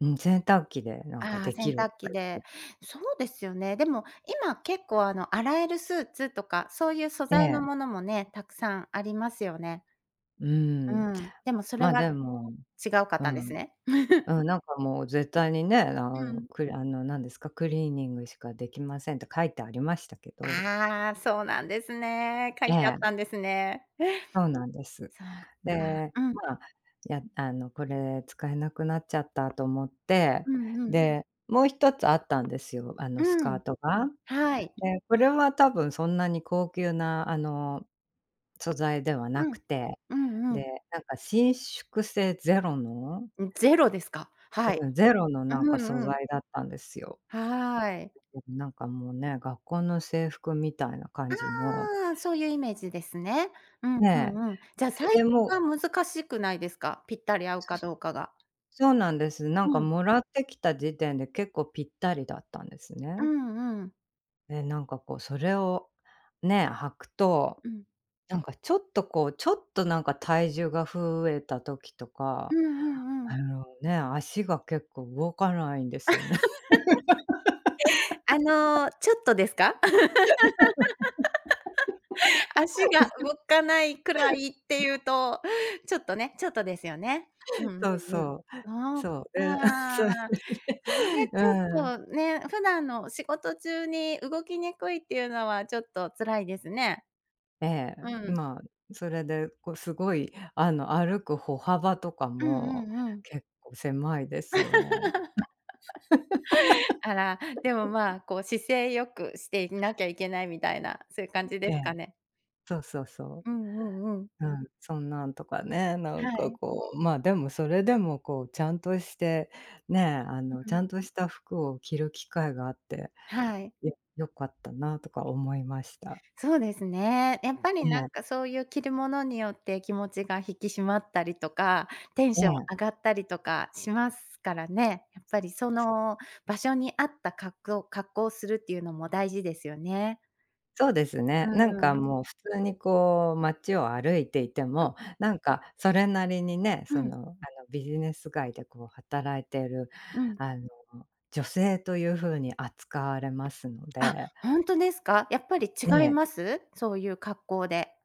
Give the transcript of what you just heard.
うん、洗濯機でなんかああ、でき洗る濯とか機言で。って。そうですよね。でも今、結構あの、洗えるスーツとか、そういう素え材のえ。ものもね、たくさんありますよね。うーうん、ーん、でもそれま、がでも違うかっうたんですん、ね？うん、なんかもう絶対にね、あうのん。くあの、なんですか、クリーニングしかできませんって書いてありましたけど。ああ、そうなんですね。書えいてあっえ。たんですね。そうなんです。そっか。で、うん。ま、やあのこれ使えなくなっちゃったと思って、うんうん。で、もう1つあったんですよ、あのスうカん、ートが。はい。で、これはたぶんそんなに高級なあの、素材ではなうくん。て、うんうで、ん。なんか伸縮性ゼロのん、ゼロですか？はい。うん、ゼロのなんかう素んうん。材だったんですよ。はい。もう、なんかもうね、学校の制服みたいな感じのああ、そういうイメージですね。うん、うねんうん。じゃ、サイえ、え、でズもは難しくないですか？ぴったり合うそかれ、どうかが。そうなんです。なんうかん。貰ってきた時点で結構ぴったりだったんですうね。んうん。で、なんかこうそれをね、履くと、うん。なんかちょっと、こう、ちょっとなんか体重が増えた時とうか、んうんうあん。のね、足が結構動かないんですよね。あの、ちょっとですか？足が動かないくらいっていう と、ちょっとね、ちょっとですよね。うんうんそううん。そう、そっそう、かで、あ。あそう。れ ちょうん。っとね、普段の仕事中に動きにくいっていうのは、ちょっと辛いですね。ええ、うん。ま、それで、こすごいあの歩く歩幅とかうんもうんうん。結構狭いですよね。あら、でも、ま、こう姿勢良くしていなきゃいけないみたいな、そういう感じでえすかえ。ね？そうそうそうんうんうん。う。うん、そんなんとかね、なはんかい。こう、ま、でもそれでもこうちゃんとして、ね、あの、うちゃん。んとした服を着る機会があって、はい。よ良かったなとか思いました。そうですね。やっぱりえなんえ。かそういう着るものによって気持ちが引き締まったりとか、テンえションえ。上がったりとかしますからね。やっぱりそつの場所に合った格くう格好するっていうのも大事ですよね。そうですうね。なんんうかん。もう普通に、こう街を歩いていてあ、も、うん。なんか、それなりにね、うその、ん。あの、ビジネス街で、こう働いてる、うん。あの、女性んというふうに扱われますのあ、でほんとですか？やっぱりえ違いえ。ます？そういう格好で。